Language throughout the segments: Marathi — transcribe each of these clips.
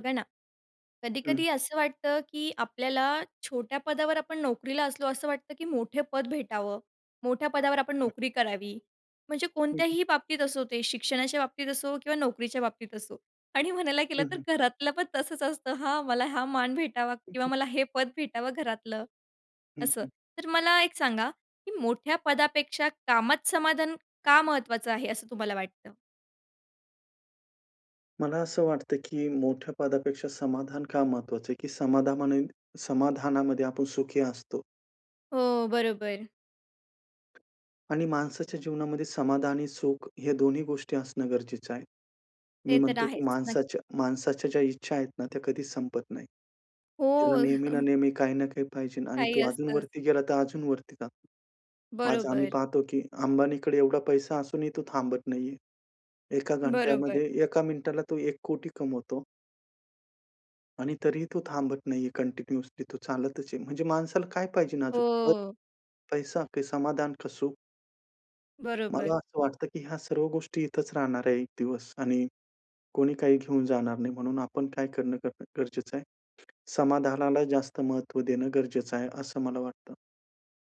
बघा ना, हं. कधी-कधी असं वाटतं, की आपल्याला छोट्या पदावर आपण नोकरीला असलो, असं वाटतं, की मोठे पद भेटावं, मोठ्या पदावर आपण हं. नोकरी करावी. म्हणजे हं, हं. कोणत्याही बाबतीत असो ते शिक्षणाच्या बाबतीत असो किंवा नोकरीच्या बाबतीत असो आणि म्हणायला गेलं हं, तर हं. घरातलं पण तसंच असतं, हां, मला हा मान भेटावा किंवा मला हे पद भेटावं घरातलं, हं, असं. हं. तर मला एक सांगा, की मोठ्या पदापेक्षा कामात समाधान का महत्वाचं आहे, असं तुम्हाला वाटतं? मला असं वाटतं, की मोठ्या पदापेक्षा समाधान का महत्वाचं आहे की समाधानाने समाधानामध्ये आपण सुखी असतो. हो, बरोबर. आणि माणसाच्या जीवनामध्ये समाधान आणि सुख हे दोन्ही गोष्टी असणं गरजेचं आहे. मी ते तर म्हणतो, की आहेच. नक्की. माणसाच्या माणसाच्या ज्या इच्छा आहेत ना, त्या कधीच संपत नाहीत. त्याला हो. नेहमी ना नेहमी, काही ना काही पाहिजे आणि काही तो असतंच. अजूनवरती गेला तर अजूनवरती जातो. आज आम्ही बरोबर. पाहतो, की अंबानीकडे एवढा पैसा असूनही तो थांबत नाही आहे. 1 बरोबर. घंट्यामध्ये 1 मिनिटाला तो 1 कोटी कमवतो. आणि तरीही तो थांबत नाही आहे, कंटिन्युअसली तो चालतचं आहे, म्हणजे माणसाला काय पाहिजे अजून, पद, अ पैसा की समाधान का सुखं? मला बरोबर. असं वाटतं, की ह्या सर्व गोष्टी इथचं राहणार आहे 1 दिवस आणि कोणी काही घेऊन जाणार नाही. म्हणून आपण काय करणं ग गरजेचं आहे? समाधानाला जास्त महत्व देणं गरजेचं आहे असं मला वाटतं.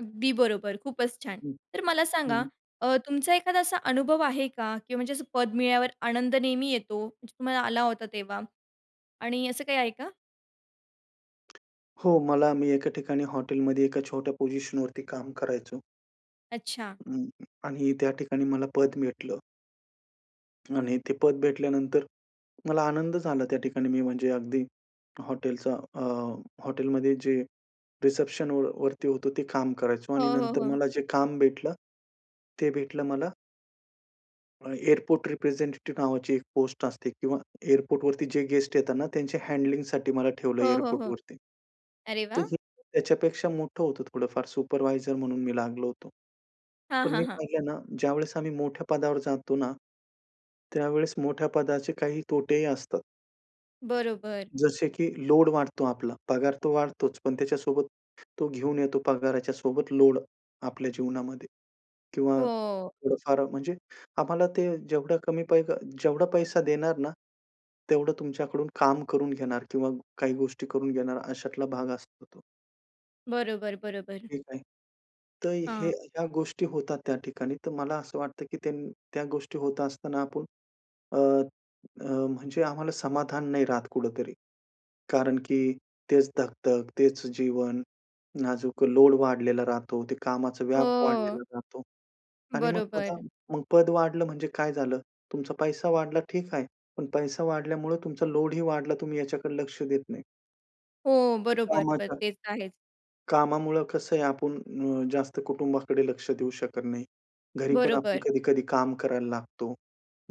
अगदी बरोबर, खूपचं छान! हं, तर मला हं, सांगा हं. अ, तुमचा एखादा असा अनुभव आहे का? किंवा म्हणजे पद मिळाल्यावर आनंद नेहमी येतो [unintelligible] तुम्हाला आला होता तेव्हा आणि असं काही आहे का? हो, मला मी एका ठिकाणी हॉटेलमध्ये एका छोट्या पोझिशनवरती काम करायचो. अच्छा. हं आणि त्या ठिकाणी मला पद भेटलं. आणि ते पद भेटल्यानंतर मला आनंद झाला त्या ठिकाणी. मी म्हणजे अगदी हॉटेलचा अ, हॉटेलमध्ये जे रिसेप्शनवर वरती होतो ते काम करायचो आणि हो, हो, नंतर हो. मला जे काम भेटलं, ते भेटलं मला अ, एअरपोर्ट रिप्रेझेंटेटिव्ह नावाची एक पोस्ट असते किंवा एअरपोर्टवरती जे गेस्ट येतात ना त्यांच्या हँडलिंग साठी मला ठेवलं हो, हो, हो. एअरपोर्टवरती. अरे तर वाह! हे त्याच्यापेक्षा मोठं होतं थोडंफार सुपरवायझर म्हणून मी लागलो होतो. हां, पण हां, मी हां. पाहिलं ना ज्यावेळेस आम्ही मोठ्या पदावर जातो ना, त्यावेळेस मोठ्या पदाचे काही तोटेही असतात. बरोबर. जसे की लोड वाढतो आपला. पगार तो वाढतोच. पण त्याच्यासोबत तो घेऊन येतो पगाराच्यासोबत लोड आपल्या जीवनामध्ये किंवा हो. थोडं-फार म्हणजे आम्हाला ते जेवढं कमी पैक जेवढा पैसा देणार ना, तेवढं तुमच्याकडून काम करून घेणार किंवा काही गोष्टी करून घेणार अशातला भाग असतो तो. बरोबर, बरोबर. ठीक आहे. तर हे हां. ह्या गोष्टी होतात त्या ठिकाणी. तर मला असं वाटतं, की त्यान त्या गोष्टी होत असताना आपण अ, अ, म्हणजे आम्हाला समाधान नाही राहत कुठेतरी. कारण की तेच धकधक, तेच जीवन, नाजूक लोड वाढलेला राहतो. ते कामाचा व्याप वाढलेला हं. राहतो. आणि मग पद, बरोबर. पद वाढलं म्हणजे काय झालं? तुमचा पैसा वाढला ठीक आहे. पण पैसा वाढल्यामुळे तुमचा लोडही वाढला. तुम्ही याच्याकडे लक्ष देत नाही. हो, बरोबर. बरं. कामाच्या तेच आहेच. कामामुळं कसं आहे. आपण अ, जास्त कुटुंबाकडे लक्ष देऊ शकत नाही. घरीपण आपण बरोबर. कधी-कधी काम करायला लागतो.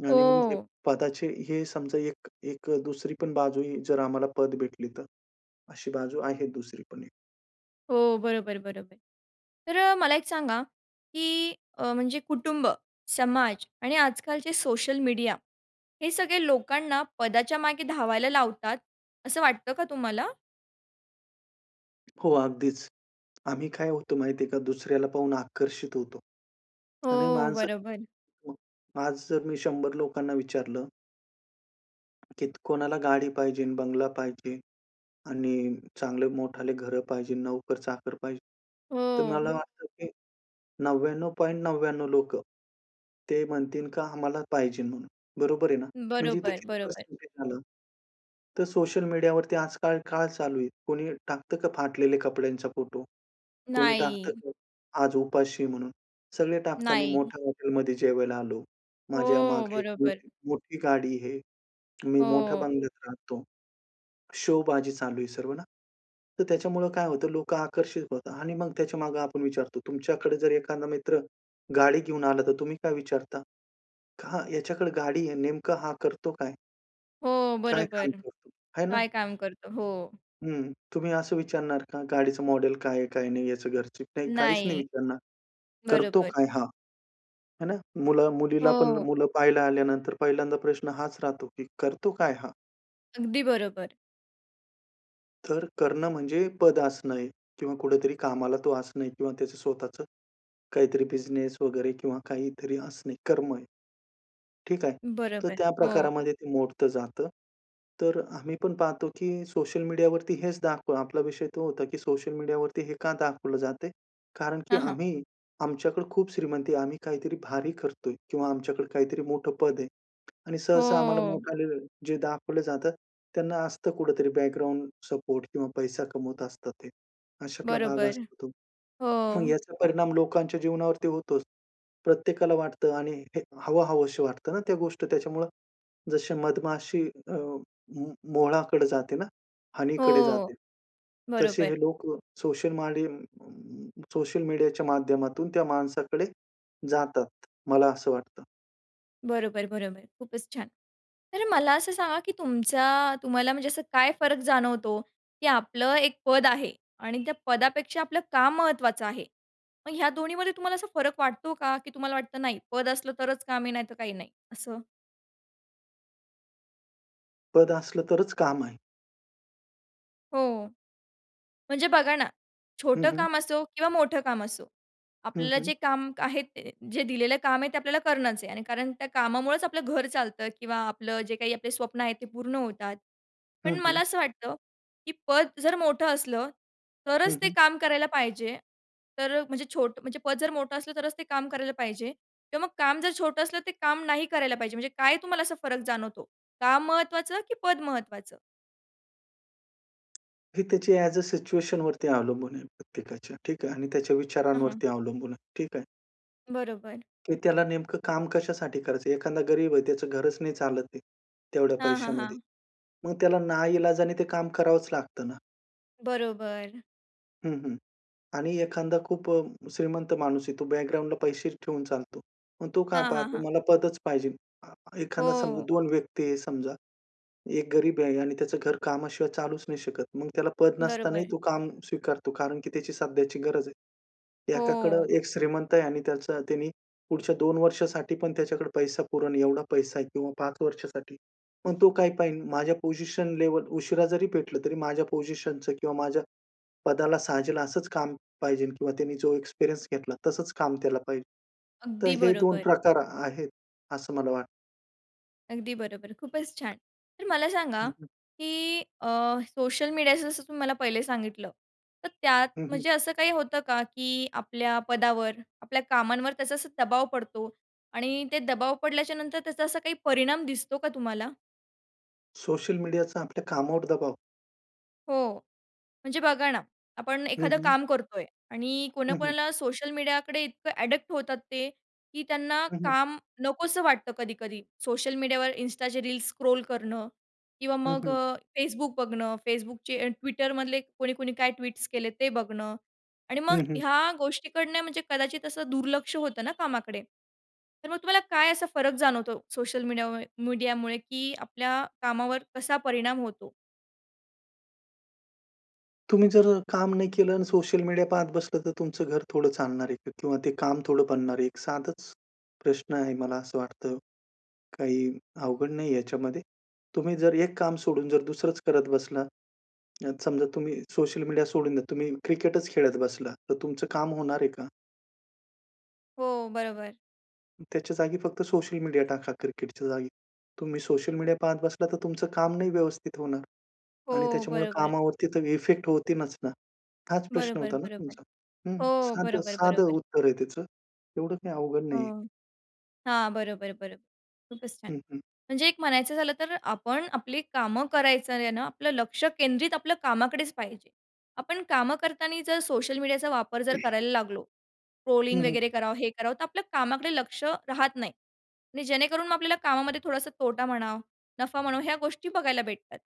आणि मग हे हो. पदाचे हे समजा एक एक दुसरी पण बाजू ही जर आम्हाला पद भेटली तर. अशी बाजू आहे दुसरी पण एक. हो, बरोबर, बरोबर. तर मला एक सांगा, की अ, म्हणजे कुटुंब, समाज आणि आजकालचे सोशल मीडिया हे सगळे लोकांना पदाच्या मागे धावायला लावतात. असं वाटतं का तुम्हाला? हो, अगदीचं. आम्ही काय होतो माहिती आहे का? दुसऱ्याला पाहून आकर्षित होतो. आणि हो, माणसं बरोबर. मग आज जर मी 100 लोकांना विचारलं कीत कोणाला गाडी पाहिजे, बंगला पाहिजे आणि चांगले मोठे घरं पाहिजे, नोकर-चाकर पाहिजे. तर मला हो. वाटतं, की 99.99 लोकं, ते म्हणतील का आम्हाला पाहिजे म्हणून. बरोबर आहे ना? म्हणजे इथे बरोबर, किती बरोबर. पर्सेंटेज आलं? तर सोशल मीडियावरती आजकाल काय चालू आहे? कोणी टाकतं का फाटलेल्या कपड्यांचा फोटो? कोणी टाकतं नाही. का? आज उपाशी म्हणून. सगळे टाकतात मी नाही. मोठ्या हॉटेलमध्ये जेवायला आलो. हो, माझ्यामागे एक बरोबर. मोठी-मोठी गाडी आहे. मी मोठ्या हो. बंगल्यात राहतो. शोबाजी चालू आहे सर्व ना. तर त्याच्यामुळं काय होतं? लोकं आकर्षित होतात आणि मग त्याच्यामागे आपण विचारतो, तुमच्याकडे जर एखादा मित्र गाडी घेऊन आला तर तुम्ही काय विचारता? खा ह्याच्याकडे गाडी आहे नेमकं हा करतो काय? हो, काय काम बरोबर. करतो? हाय ना? काय काम करतो. हो. हं. तुम्ही असं विचारणार का? गाडीचं मॉडेल काय आहे, काय नाही? याचं घरच. नाही, काहीच नाही नाही. विचारणार. करतो बरोबर. काय हा? हे ना? मुला मुलीला पण हो. मुलं पाहायला आल्यानंतर पहिल्यांदा प्रश्न हाच राहतो, की करतो काय हा? अगदी बरोबर. तर करणं म्हणजे पद असणं आहे किंवा कुठेतरी कामाला तो असणं किंवा त्याचं स्वतःच काहीतरी बिझनेस वगैरे किंवा काहीतरी असणे कर्म आहे. ठीक आहे. तर बरोबर. त्या हो. प्रकारामध्ये ते मोडतं जातं. तर अ, आम्ही पण पाहतो की सोशल मीडियावरती हेच दाखवा आपला विषय तो होता की सोशल मीडियावरती हे का दाखवलं जातं आहे? कारण की हां, हां. आम्ही आमच्याकडे खूप श्रीमंती आहे. आम्ही काहीतरी भारी करतोय किंवा आमच्याकडे काहीतरी मोठं पद आहे. आणि सहसा आम्हाला हो. मोठाले जे दाखवलं जातात, त्यांना असतं कुठेतरी बॅकग्राऊंड सपोर्ट किंवा पैसा कमवत असतात ते, अशातला भाग बरोबर. असतो तो. मग हो. याचा परिणाम लोकांच्या जीवनावरती होतोच. प्रत्येकाला वाटतं आणि हे हवं-हवंशी वाटतं ना, त्या गोष्ट त्याच्यामुळं. जशी मधमाशी अ, मो मोहळाकडे जाते ना हनीकडे हो. जाते. तसे हे बरोबर. लोक सोशल माडी सोशल मीडियाच्या माध्यमातून, त्या माणसाकडे जातात. मला असं वाटतं. बरोबर, बरोबर. खूपच छान. तर मला असं सांगा, की तुमचा तुम्हाला म्हणजे असं काय फरक जाणवतो, की आपलं एक पद आहे आणि त्या पदापेक्षा आपलं काम महत्त्वाचं आहे. मग ह्या दोन्हीमध्ये तुम्हाला असा फरक वाटतो का? की तुम्हाला वाटतं नाही, पद असलं तरच काम आहे नाही तर काही नाही, असं? पद असलं तरच काम आहे. हो. म्हणजे बघा ना हं, छोटं हं. काम असो किंवा मोठं काम असो. हं, आपल्याला हं. जे काम आहे ते जे दिलेलं काम आहे ते आपल्याला करणंच आहे. आणि कारण त्या कामामुळेच आपलं घर चालतं किंवा आपलं जे काही आपले स्वप्न आहेत ते पूर्ण होतात. पण हं, हं. मला असं वाटतं, की पद जर मोठं असलं हं, तरच ते हं. काम करायला पाहिजे. तर म्हणजे छोटं म्हणजे पद जर मोठं असलं तरच ते काम करायला पाहिजे. किंवा मग काम जर छोटं असलं ते काम नाही करायला पाहिजे. म्हणजे काय तुम्हाला असा फरक जाणवतो? काम महत्त्वाचं की पद महत्त्वाचं? ही त्याची ॲज अ सिच्युएशनवरती अवलंबून आहे प्रत्येकाच्या. ठीक आहे. आणि त्याच्या हं, हं. विचारांवरती अवलंबून आहे. ठीक आहे. बरोबर. की त्याला नेमकं काम कशासाठी करायचं आहे. एखादा गरीब आहे त्याचं घरच नाही चालत आहे तेवढ्या हां, हां, पैशामध्ये. हां. मग त्याला नाईलाजाने ते काम करावंच लागतं ना. बरोबर. हं, हं. आणि एखादा खूप अ, श्रीमंत माणूस आहे. तो बॅकग्राऊंडला पैसे ठेवून चालतो. मग तो काय हां, हां, पहातो? हां. मला पदच पाहिजे. अ, एखादा समजा हो. दोन व्यक्ती आहे समजा. एक गरीब आहे आणि त्याचं घर कामाशिवाय चालूच नाही शकत. मग त्याला पद नसतानाही बरोबर. तो काम स्वीकारतो, कारण की त्याची सध्याची गरज आहे. एकाकडं हो. एक श्रीमंत आहे आणि त्याचं त्यानी पुढच्या 2 वर्षासाठी पण त्याच्याकडे पैसा पुरेल एवढा पैसा आहे किंवा 5 वर्षासाठी. पण तो काय पाहिल, माझ्या पोझिशन लेव्हल उशिरा जरी भेटलं, तरी माझ्या पोझिशनचं किंवा माझ्या पदाला साजेल असंच काम पाहिजे किंवा त्यांनी जो एक्सपिरियन्स घेतला, तसंच काम त्याला पाहिजे. तर अगदी हे दोन बरोबर. प्रकार आ आहेत, असं मला वाटतं. अगदी बरोबर. खूपच छान! तर मला हं, सांगा हं. की अ, सोशल मीडियाचं जसं तुम्ही मला पहिले सांगितलं, तर त्यात हं, हं. म्हणजे असं काही होतं का की आपल्या पदावर, आपल्या कामांवर त्याचा असा दबाव पडतो आणि ते दबाव पडल्याच्यानंतर त्याचा असा काही परिणाम दिसतो का तुम्हाला? सोशल मीडियाचा आपल्या कामावर दबाव? हो. म्हणजे बघा ना, आपण हं, एखादं हं. काम करतोय आणि हं, हं. कोणाकोणाला सोशल मीडियाकडे इतकं ॲडिक्ट होतात ते, की त्यांना हं, हं. काम नकोसं वाटतं कधी-कधी. सोशल मीडियावर Instaचे रील्स स्क्रॉल करणं किंवा हं, मग हं. अ, Facebook बघणं, Facebookचे Twitterमधले कोणी-कोणी काय ट्वीट्स केलेत, ते बघणं. आणि मग हं, हं. ह्या गोष्टीकडनं म्हणजे कदाचित असं दुर्लक्ष होतं ना कामाकडे? तर मग तुम्हाला काय असा फरक जाणवतो सोशल मीडियामु मीडियामुळे की आपल्या कामावर कसा परिणाम होतो? तुम्ही जर अ, काम नाही केलं अन् सोशल मीडिया पाहत बसलं तर तुमचं घर थोडं चालणार आहे का? किंवा ते काम थोडं बनणार आहे? एक साधंच प्रश्न आहे मला असं वाटतं. काही अवघड नाहीये याच्यामध्ये. तुम्ही जर एक काम सोडून जर दुसरंच करत बसला. आता समजा तुम्ही सोशल मीडिया सोडून द्या. तुम्ही क्रिकेटच खेळत बसला. तर तुमचं काम होणार आहे का? हो, बरोबर. त्याच्या जागी फक्त सोशल मीडिया टाका क्रिकेटच्या जागी. तुम्ही सोशल मीडिया पाहत बसला तर तुमचं काम नाही व्यवस्थित होणार आणि हो, त्याच्यामुळे बरोबर. कामावरती तर इफेक्ट होतीनच ना. हाच प्रश्न बरोबर, होता ना बरोबर. तुमचा? हं, हो, साधं, बरोबर, साधं बरोबर. उत्तर आहे त्याचं, एवढं काही अवघड नाही आहे. हं, हां, बरोबर, बरोबर. खूपच छान! हं, हं. म्हणजे एक म्हणायचं झालं तर आपण आपली कामं करायचंय ना आपलं लक्ष केंद्रित आपल्या कामाकडेच पाहिजे. आपण कामं करताना जर सोशल मीडियाचा वापर जर करायला लागलो, हं, ट्रोलिंग हं. वगैरे करावं, हे करावं तर आपल्या कामाकडे लक्ष राहत नाही आणि जेणेकरून मग आपल्याला कामामध्ये थोडासा तोटा म्हणा, नफा म्हणा ह्या गोष्टी बघायला भेटतात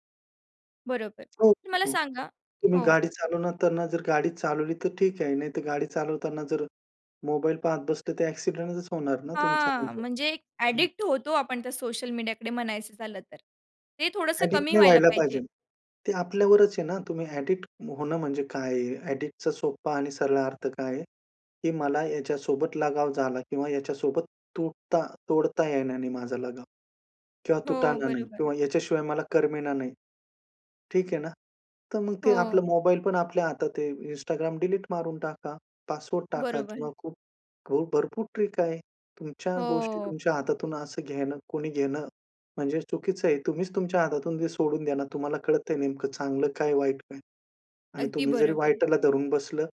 बरोबर हो, तर मला हो, सांगा तुम्ही हो. गाडी चालवताना जर गाडी चालवली तर ठीक आहे. नाहीतर गाडी चालवताना जर मोबाईल पाहत बसले तर ॲक्सिडेंटच होणार ना तुमचं हां, म्हणजे म्हणजे एक हं, हं. ॲडिक्ट होतो आपण त्या सोशल मीडियाकडे म्हणायचं झालं तर. ते थोडंसं ॲडिक्ट कमी नाही व्हायला व्हायला पाहिजे. पाहिजे. ते आपल्यावरच आहे ना, तुम्ही ॲडिक्ट होणं म्हणजे काय आहे? ॲडिक्ट चा सोप्पा आणि सरळ अर्थ काय आहे? की मला याच्यासोबत लगाव झाला किंवा याच्यासोबत तुटता तोडता येईना नाही माझा लगाव. किंवा हो, तुटण नाही बरोबर. किंवा याच्याशिवाय मला करमेना नाही. ठीक आहे ना तर मग ते आपलं हो. मोबाईलपण आपल्या हातात आहे. Instagram डिलीट मारून टाका, पासवर्ड टाका बरोबर. किंवा खूप हो, भरपूर ट्रिक आहे. तुमच्या गोष्टी हो. तुमच्या हातातून असं घेणं कोणी घेणं म्हणजे चुकीचं आहे. तुम्हीच तुमच्या हातातून ते सोडून द्या ना. तुम्हाला कळतंय नेमकं चांगलं काय वाईट काय? आणि अगदी तुम्ही जरी बरोबर. वाईटला धरून बसलं.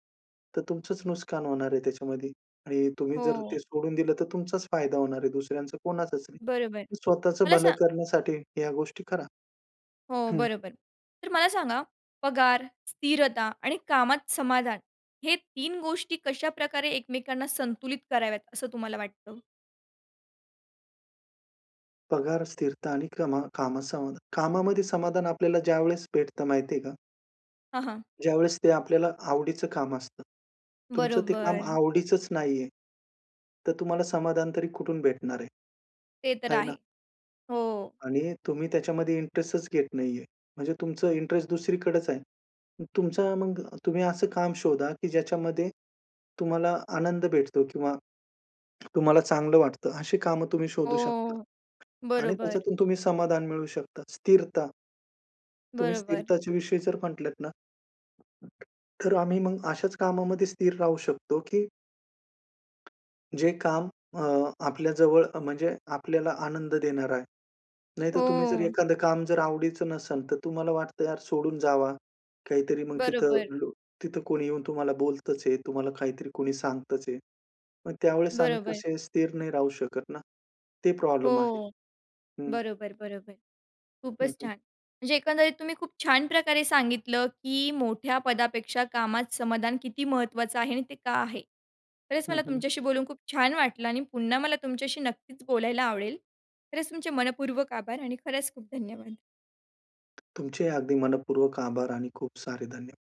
तर तुमचंच नुकसान होणार आहे त्याच्यामध्ये आणि तुम्ही जर ते हो. सोडून दिलं, तर तुमचाच फायदा होणार आहे. दुसऱ्यांचं कोणाचच नाही. बरोबर, स्वतःच मला भलं स करण्यासाठी ह्या गोष्टी करा हो हं. बरोबर. तर मला सांगा पगार, स्थिरता आणि कामात समाधान हे 3 गोष्टी कशाप्रकारे एकमेकांना संतुलित कराव्यात असं तुम्हाला वाटतं? पगार, स्थिरता आणि कमा कामास सम कामामध्ये समाधान, आपल्याला ज्यावेळेस भेटत माहिती आहे का? हां, हां. ज्यावेळेस ते आपल्याला आवडीचं काम असतं. तुमचं ते काम बरोबर. आवडीचंच नाही आहे, तर तुम्हाला समाधान तरी कुठून भेटणार आहे? ते तर आहे आहे, ना. हो. आणि तुम्ही त्याच्यामध्ये इंटरेस्टच घेत नाहीये. म्हणजे तुमचं इंटरेस्ट दुसरीकडेचं आहे. मग तुमचा मग तुम्ही असं काम शोधा की ज्याच्यामध्ये, तुम्हाला आनंद भेटतो किंवा तुम्हाला चांगलं वाटतं अशी कामं तुम्ही शोधू शकता हो, आणि बरोबर. त्याच्यातून तुम्ही समाधान मिळवू शकता, स्थिरता. तुम्ही बरोबर. स्थिरताच्या विषयी जर म्हटलात ना, तर आम्ही मग अशाच कामामध्ये स्थिर राहू शकतो की जे काम अ, आपल्या जवळ अ, म्हणजे आपल्याला आनंद देणार आहे. नाहीतर तुम्ही जर हो. एखादं काम जर आवडीचं नसेल, तर तुम्हाला वाटतं यार सोडून जावा. काहीतरी मग तिथं बरोबर. लो तिथं कोणी येऊन तुम्हाला बोलतचं आहे, तुम्हाला काहीतरी कोणी सांगतचं आहे. मग त्यावेळेस आम्ही बरोबर. कसे स्थिर नाही राहू शकत ना. ते प्रॉब्लेम आहे, हो, हं. बरोबर, बरोबर. हं, खूपच हं. छान. म्हणजे एकंदरीत तुम्ही खूप छान प्रकारे सांगितलं की मोठ्या पदापेक्षा कामात समाधान किती महत्वाचं आहे आणि ते का आहे? खरंच हं, मला हं. तुमच्याशी बोलून खूप छान वाटलं आणि पुन्हा मला तुमच्याशी नक्कीच बोलायला आवडेल, खरचं तुमचे मनःपूर्वक आभार आणि खरंच खूप धन्यवाद. तुमचे अगदी मनःपूर्वक आभार आणि खूप सारे धन्य